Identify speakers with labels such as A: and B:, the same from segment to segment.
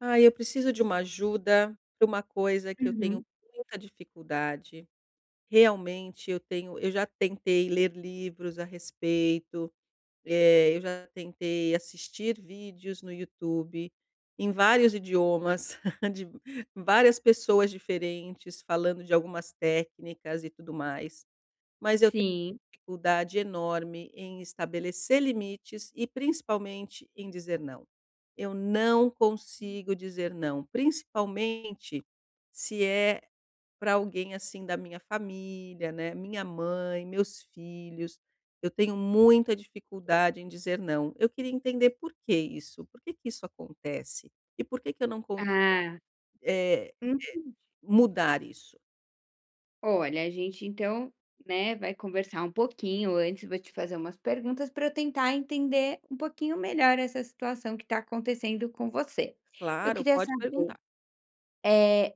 A: Ai, eu preciso de uma ajuda pra uma coisa que eu tenho
B: Uhum.
A: muita dificuldade, realmente eu tenho eu já tentei ler livros a respeito, eh, eu já tentei assistir vídeos no YouTube, em vários idiomas, de várias pessoas diferentes falando de algumas técnicas e tudo mais, mas eu te
B: Sim.
A: dificuldade enorme em estabelecer limites e principalmente em dizer não. Eu não consigo dizer não, principalmente se é pra alguém, assim, da minha família, né, minha mãe, meus filhos, eu tenho muita dificuldade em dizer não. Eu queria entender porque isso, por que que isso acontece? E por que que eu não con
B: Ah.
A: eh eh,
B: Entendi.
A: mudar isso?
B: Olha, a gente então, né, vai conversar um pouquinho, antes vou te fazer umas perguntas pra eu tentar entender um pouquinho melhor essa situação que tá acontecendo com você. Eu
A: Claro,
B: queria
A: pode
B: saber,
A: perguntar.
B: eh,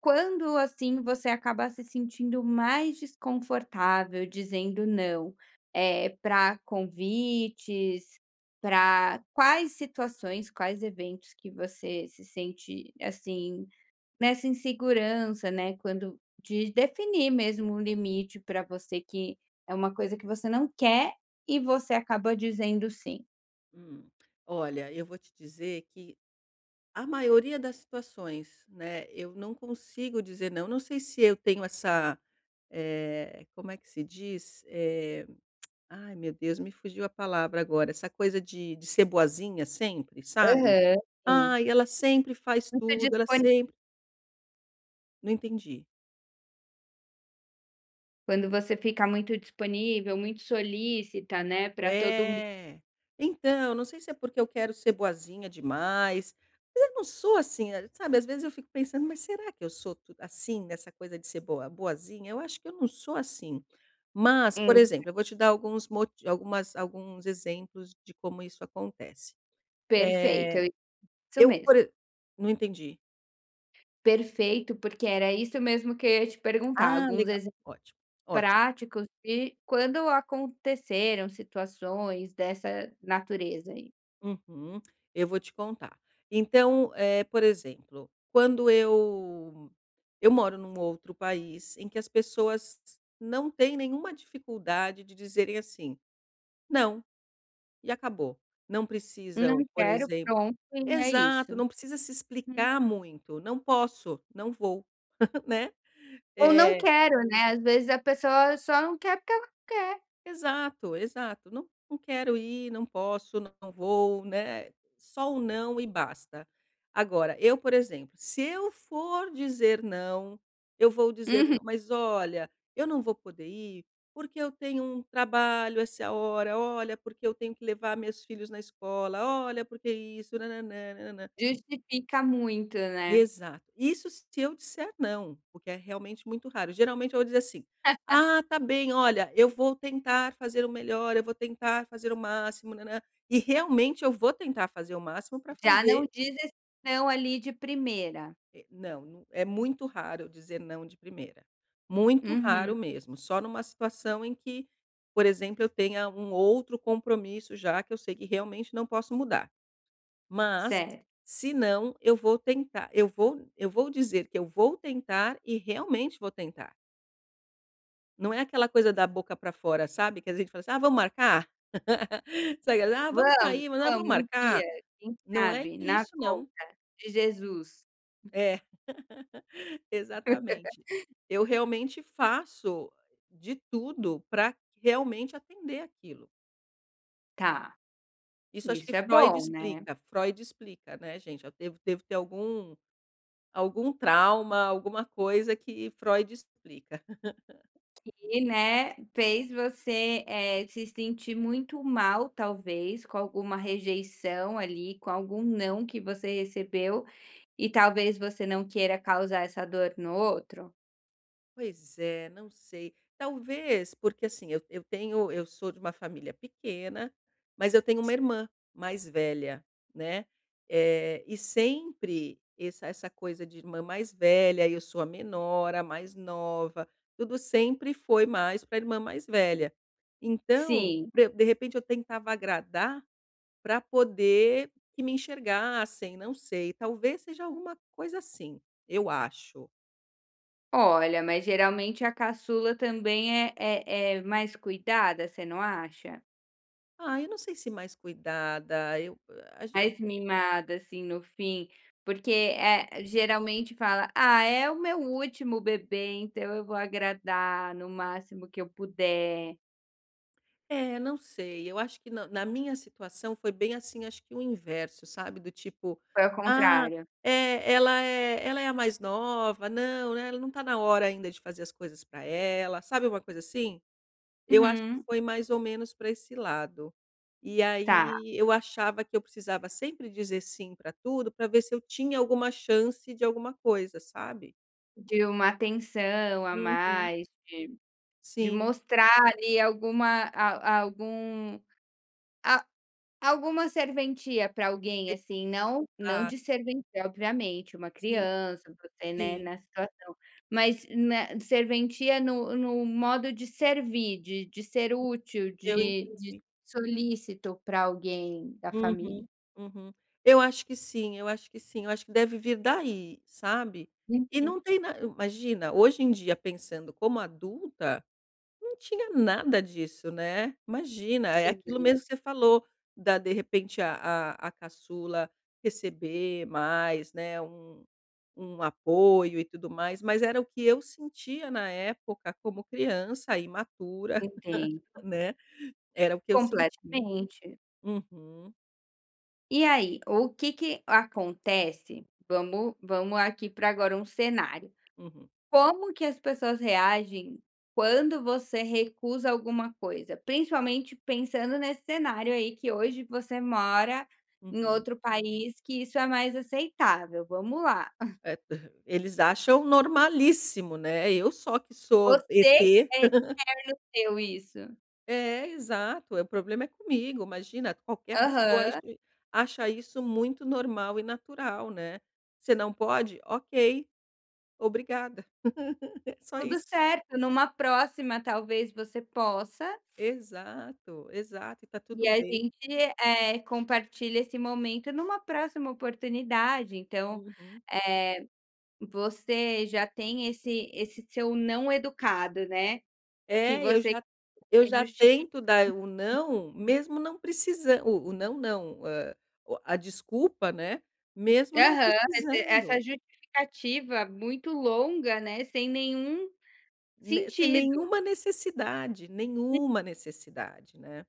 B: quando, assim, você acaba se sentindo mais desconfortável dizendo não, eh, pra convites, pra quais situações, quais eventos que você se sente, assim, nessa insegurança, né, quando de definir mesmo o limite pra você que é uma coisa que você não quer, e você acaba dizendo sim?
A: Hum, olha eu vou te dizer que a maioria das situações, né, eu não consigo dizer "não". Não sei se eu tenho essa, eh, como é que se diz? Eh, ai meu Deus! Me fugiu a palavra agora, essa coisa de de ser boazinha sempre sabe:
B: Aham, sim.
A: "Ai ela sempre faz
B: Muito
A: tudo, ela
B: disponível.
A: sempre" Não entendi.
B: Quando você fica muito disponível, muito solicita, né, pra todo mun
A: É, então, não sei se é porque eu quero ser boazinha demais, mas eu não sou, assim, sabe, as vezes eu fico pensando: "Mas será que eu sou tu assim, nessa coisa de ser boa boazinha? Eu acho que eu não sou, assim". Mas por
B: Hum.
A: exemplo eu vou te dar alguns moti algumas alguns exemplos de como isso acontece.
B: Perfeito
A: Eh,
B: eu [unintelligible] isso
A: eu por
B: mesmo.
A: exe Não entendi!
B: Perfeito, porque era isso mesmo que eu ia te perguntar,
A: Ah,
B: alguns
A: legal!
B: exemplos
A: Ótimo, ótimo.
B: práticos, de quando aconteceram situações dessa natureza, aí?
A: Uhum, eu vou te contar. Então, eh, por exemplo, quando eu eu moro num outro país em que as pessoas não têm nenhuma dificuldade de dizerem, assim: "Não". E acabou, não
B: "Não
A: precisam, por
B: quero,
A: exemplo
B: pronto, e é
A: Exato,
B: isso".
A: não precisa se
B: Hum.
A: explicar muito, "não posso, não vou", né,
B: "Ou não
A: eh
B: quero", né, as vezes a pessoa só não quer porque ela não quer.
A: Exato, exato. "Não não quero ir, não posso, não vou", né, só o "não" e basta. Agora eu, por exemplo, se eu for dizer "não", eu vou dizer:
B: Uhum.
A: "Não, mas, olha, eu não vou poder ir, porque eu tenho um trabalho essa hora. Olha, porque eu tenho que levar meus filhos na escola, Olha, porque isso"
B: Justifica muito, né?
A: Exato. Isso se eu disser "não", porque é realmente muito raro, geralmente eu vou dizer assim: "Ah, tá bem, olha, eu vou tentar fazer o melhor, eu vou tentar fazer o máximo," E realmente eu vou tentar fazer o máximo pra
B: Já não
A: fazer.
B: diz esse "não" ali de primeira.
A: É, não, não é muito raro eu dizer "não" de primeira, muito
B: Uhum.
A: raro mesmo, só numa situação em que, por exemplo, eu tenha um outro compromisso já, que eu sei que realmente não posso mudar, mas,
B: Certo.
A: se não, eu vou tentar, eu vou eu vou dizer que eu vou tentar e realmente vou tentar. Não é aquela coisa da boca pra fora, sabe, que a gente fala assim: "Ah, vamos marcar?" [unintelligible] "Ah, vamos
B: Vamos,
A: sair! Ah,
B: vamos,
A: vamos
B: um dia,
A: marcar?"
B: quem
A: Não é
B: sabe na
A: isso não.
B: volta de Jesus.
A: É, exatamente, eu realmente faço de tudo pra realmente atender aquilo.
B: Tá.
A: Isso acho que
B: Isso é
A: Freud
B: bom, né?
A: explica. Freud explica, né, gente, eu devo devo ter algum algum trauma, alguma coisa que Freud explica.
B: Que, né, fez você, eh, se sentir muito mal talvez com alguma rejeição ali, com algum "não" que você recebeu, e talvez você não queira causar essa dor no outro?
A: Pois é, não sei. Talvez, porque, assim, eu eu tenho eu sou de uma família pequena, mas eu tenho uma
B: Sim.
A: irmã mais velha, né, eh, e sempre esse essa coisa de irmã mais velha e eu sou a menor, a mais nova, tudo sempre foi mais pra irmã mais velha, então,
B: Sim.
A: pra eu De repente, eu tentava agradar pra poder que me enxergassem, não sei, talvez seja alguma coisa assim, eu acho.
B: Olha, mas geralmente a caçula também é é é mais cuidada, você não acha?
A: Ah, eu não sei se mais cuidada, eu, ah, ach
B: Mais mimada, assim, no fim, porque, eh, geralmente fala: "Ah, é o meu último bebê, então eu vou agradar no máximo que eu puder".
A: É, não sei, eu acho que na na minha situação foi bem, assim, acho que o inverso, sabe, do tipo:
B: Foi ao
A: "Ah,
B: contrário.
A: eh, ela é ela é a mais nova. Não, né, ela não tá na hora ainda de fazer as coisas pra ela", sabe uma coisa assim? Eu acho que
B: Uhum.
A: foi mais ou menos pra esse lado. E
B: Tá.
A: aí eu achava que eu precisava sempre dizer sim pra tudo para ver se eu tinha alguma chance de alguma coisa, sabe?
B: De uma atenção a
A: Uhum.
B: mais de de
A: Sim.
B: mostrar, ali, alguma a algum a alguma serventia pra alguém,
A: E
B: assim, não não
A: Ah.
B: de servência obviamente, uma
A: Sim,
B: criança, você, né,
A: sim.
B: nessa situação, mas na serventia no no modo de servir, de de ser útil,
A: Eu
B: de de
A: entendi.
B: solícito pra alguém da família.
A: Uhum. Uhum. Eu acho que sim, eu acho que sim, eu acho que deve vir daí, sabe. E
B: Uhum.
A: não tem na Imagina, hoje em dia pensando como adulta, não tinha nada disso, né. Imagina, é aquilo
B: Sim.
A: mesmo que você falou, da de repente a a a caçula receber mais, né, um um apoio e tudo mais, mas era o que eu sentia na época como criança, imatura,
B: Entendo.
A: né, era o que eu sentia.
B: Completamente.
A: Uhum.
B: E aí, ou que que acontece vamos vamos aqui pra agora um cenário.
A: Uhum.
B: Como que as pessoas reagem quando você recusa alguma coisa? Principalmente pensando nesse cenário, aí, que hoje você mora em
A: Uhum.
B: outro país que isso é mais aceitável, vamos lá.
A: É eles acham normalíssimo, né. Eu só que sou
B: Você
A: ET.
B: quem [unintelligible] no seu isso.
A: É, exato, é, problema é comigo, imagina qualquer pessoa acha
B: Aham.
A: is acha isso muito normal e natural, né. "Você não pode? Ok! Obrigada!". Só
B: Tudo
A: isso.
B: certo numa próxima talvez você possa
A: Exato, exato, e tá
B: e
A: tudo
B: a
A: bem.
B: gente, eh, compartilha esse momento, numa próxima oportunidade, então,
A: Uhum.
B: eh, você já tem esse esse seu não educado, né? Que
A: É, eu
B: você
A: já eu
B: quer [unintelligible]
A: já
B: justificar
A: tento dar, eh, o
B: [unintelligible]
A: "não", mesmo não precisan o o "não", não! Hã, o a o a desculpa, né, mesmo não
B: Aham, esse essa
A: precisando.
B: justificativa muito longa, né, sem nenhum
A: Ne sem
B: sentido.
A: nenhuma necessidade,
B: [unintelligible]
A: nenhuma necessidade, né.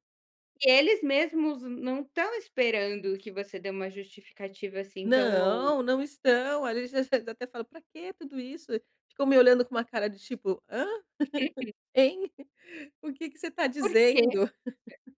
B: E eles mesmos não estão esperando que você dê uma justificativa assim tão longa.
A: Não, não estão. Ali já eles até falam: "Para quê tudo isso?" Ficam me olhando com uma cara de tipo: "Hã? Hein? O que que você está
B: Por quê?
A: dizendo?"
B: [unintelligible]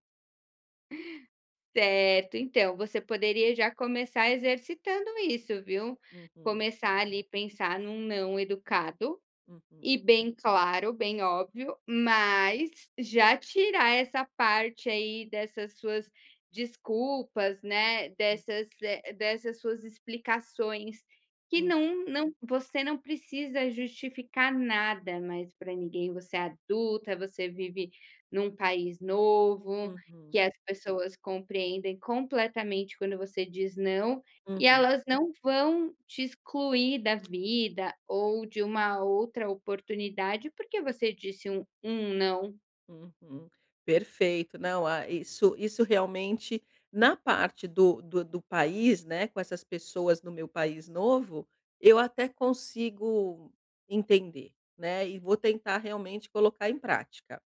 B: Certo, então, você poderia já começar exercitando isso, viu,
A: Uhum.
B: começar ali, pensar num "não" educado
A: Uhum.
B: e bem claro, bem óbvio, mas já tirar essa parte aí dessas suas desculpas, né,
A: Hum.
B: dessas, eh, dessas suas explicações que
A: Uhum.
B: não não Você não precisa justificar nada mais pra ninguém, você é adulta, você vive num país novo
A: Uhum.
B: que as pessoas compreendem completamente quando você diz "não". E
A: Uhum.
B: elas não vão te excluir da vida ou de uma outra oportunidade porque você disse um um "não".
A: Uhum. Perfeito, não, ah, isso isso realmente Na parte do do do país, né, com essas pessoas no meu país novo eu até consigo entender, né, e vou tentar realmente colocar em prática.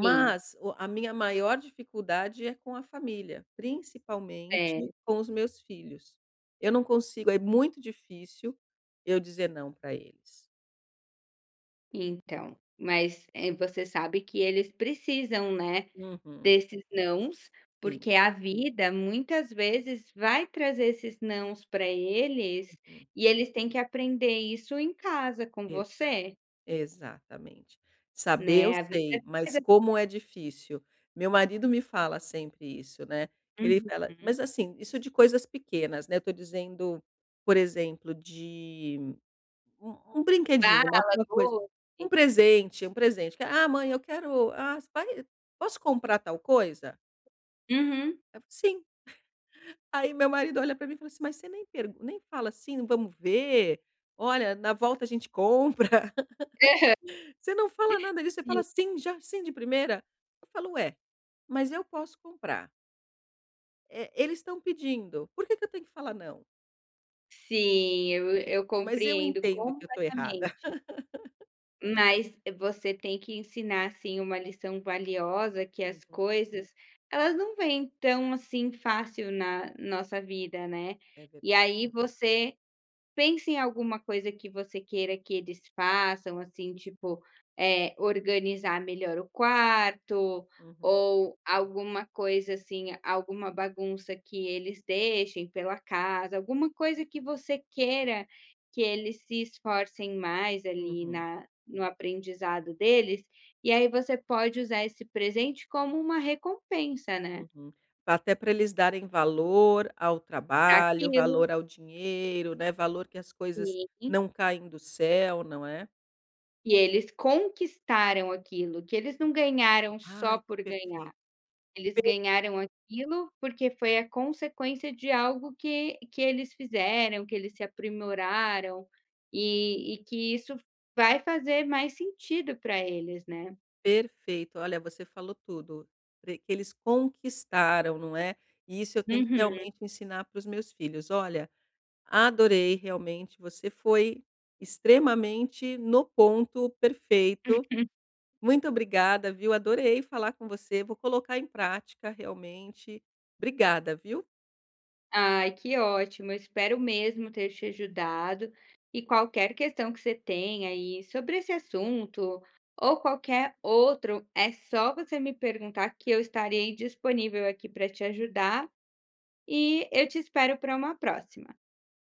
B: Sim.
A: o a minha maior dificuldade é com a família, principalmente
B: Cer
A: com os meus filhos. Eu não consigo, é muito difícil eu dizer "não" pra eles.
B: Então, mas, eh, você sabe que eles precisam, né,
A: Uhum.
B: desses nãos,
A: Sim.
B: porque a vida muitas vezes vai trazer esses nãos pra eles,
A: Uhum.
B: e eles têm que aprender isso em casa com
A: Exato,
B: você.
A: exatamente. "Saber eu
B: Né, a vida
A: sei, mas
B: [unintelligible]
A: como é difícil". Meu marido me fala sempre isso, né. Ele fala
B: Uhum.
A: mas, assim, isso de coisas pequenas, né, eu tô dizendo, por exemplo, de u um brinquedinho, uma
B: Bala,
A: uma coisa, um
B: doce.
A: presente, um presente: "Que, ah, mãe eu quero ah, você vai posso comprar tal coisa?".
B: Uhum.
A: [unintelligible] "Sim". Aí, meu marido olha pra mim e fala assim: "Mas você nem per nem fala assim: 'Vamos ver. Olha, na volta a gente compra'.
B: Aham.
A: Você não fala nada disso, você
B: Sim.
A: fala: 'Sim, já, sim de primeira'". Eu falo: "Ué, mas eu posso comprar" "eh, eles estão pedindo, por que que eu tenho que falar não?".
B: Sim, eu eu
A: Mas eu
B: compreendo
A: entendo que eu tô errada.
B: completamente. Mas você tem que ensinar, assim, uma lição valiosa que as
A: Uhum.
B: coisas, elas não vêm tão assim fácil na nossa vida, né,
A: É
B: e
A: verdade.
B: aí você pensa em alguma coisa que você queira que eles façam, assim, tipo, eh, organizar melhor o quarto,
A: Uhum.
B: ou alguma coisa assim, alguma bagunça que eles deixem pela casa, alguma coisa que você queira que eles se esforcem mais, ali,
A: Uhum.
B: na no aprendizado deles, e aí você pode usar esse presente como uma recompensa, né.
A: Uhum. Pra até pra eles darem valor ao trabalho,
B: Aquilo.
A: valor ao dinheiro, né, valor que as coisas
B: Sim.
A: não caem do céu, não é?
B: Que eles conquistaram aquilo, que eles não ganharam só
A: Ai, que
B: por ganhar,
A: perfeito.
B: eles
A: Per
B: ganharam aquilo, porque foi a consequência de algo que que eles fizeram, que eles se aprimoraram, e e que isso vai fazer mais sentido para eles, né.
A: Perfeito, olha, você falou tudo. Pre que eles conquistaram, não é? E isso eu tenho que
B: Uhum.
A: realmente ensinar para os meus filhos. Olha, adorei, realmente, você foi extremamente no ponto perfeito. Muito obrigada, viu, adorei falar com você, vou colocar em prática realmente. Obrigada, viu.
B: Ai, que ótimo, eu espero mesmo ter te ajudado e qualquer questão que você tenha, aí, sobre esse assunto, ou qualquer outro, é só você me perguntar que eu estarei disponível aqui pra te ajudar, e eu te espero para uma próxima.